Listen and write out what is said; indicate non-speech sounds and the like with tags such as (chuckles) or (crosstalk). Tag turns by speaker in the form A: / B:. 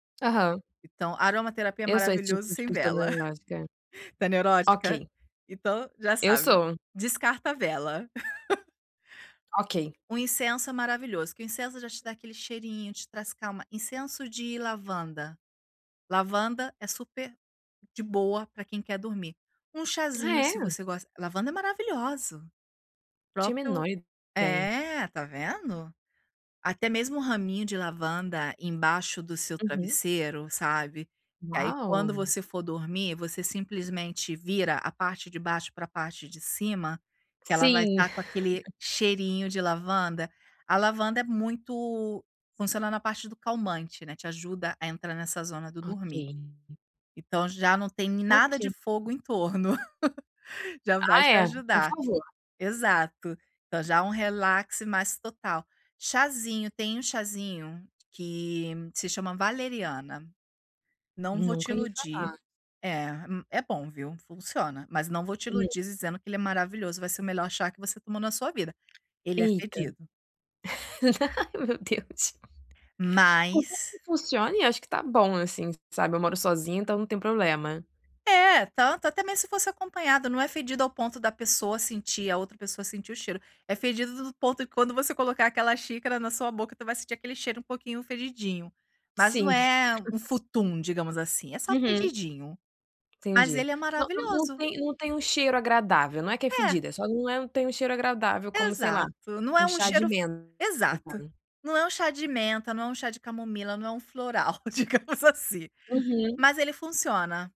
A: Aham.
B: Então, aromaterapia é
A: Eu sou esse tipo
B: maravilhoso
A: de
B: sem
A: pessoa.
B: vela,
A: (unintelligible)
B: (chuckles) tu é neurótica?
A: Ok.
B: então já
A: Eu
B: sabe,
A: sou.
B: descarta a vela. (laughs)
A: Ok.
B: Um incenso é maravilhoso, que o incenso já te dá aquele cheirinho, te traz calma. Incenso de lavanda, lavanda é super de boa pra quem quer dormir. Um
A: Ah
B: chazinho se
A: é?
B: você gosta lavanda é maravilhosa, o
A: Tinha
B: próprio
A: menor ideia.
B: é, tá vendo, até mesmo um raminho de lavanda embaixo do seu
A: Uhum.
B: travesseiro sabe, que aí quando
A: Uau.
B: você for dormir você simplesmente vira a parte de baixo pra parte de cima, que ela vai
A: Sim.
B: tá com aquele
A: (laughs)
B: cheirinho de lavanda, a lavanda é muito funciona na parte do calmante, né, te ajuda a entrar nessa zona do
A: Ok.
B: dormir. Então já não tem nada de
A: Ok.
B: fogo em torno, (laughs) já vai
A: Ah
B: te
A: é, por
B: ajudar.
A: favor.
B: Exato, então já um relaxe mais total. Chazinho, tem um chazinho que se chama valeriana. Não vou te
A: Nunca lhe
B: iludir,
A: falar.
B: é m é bom viu, funciona, mas não vou te
A: Hum.
B: iludir dizendo que ele é maravilhoso, vai ser o melhor chá que você tomou na sua vida, ele é
A: Eita,
B: fedido.
A: (laughs) ai meu Deus, por tanto que
B: Mas
A: funcione eu acho que tá bom assim sabe, eu moro sozinha então não tem problema.
B: É, tanto, até mesmo se fosse acompanhada, não é fedido ao ponto da pessoa sentir a outra pessoa sentir o cheiro, é fedido do ponto que quando você colocar aquela xícara na sua boca tu vai sentir aquele cheiro um pouquinho fedidinho, mas não
A: Sim.
B: é
A: (chuckles)
B: um futum digamos assim, é só
A: Uhum.
B: fedidinho, mas
A: Entendi,
B: ele é
A: não não não
B: maravilhoso.
A: tem não tem um cheiro agradável, não é que é
B: É.
A: fedida, só não é, não tem um cheiro agradável como sei lá,
B: Exato não é
A: um
B: um
A: chá de
B: cheiro f
A: menta, no
B: exato,
A: caso.
B: não é um chá de menta, é um chá de camomila, não é um floral digamos assim,
A: Uhum.
B: mas ele funciona.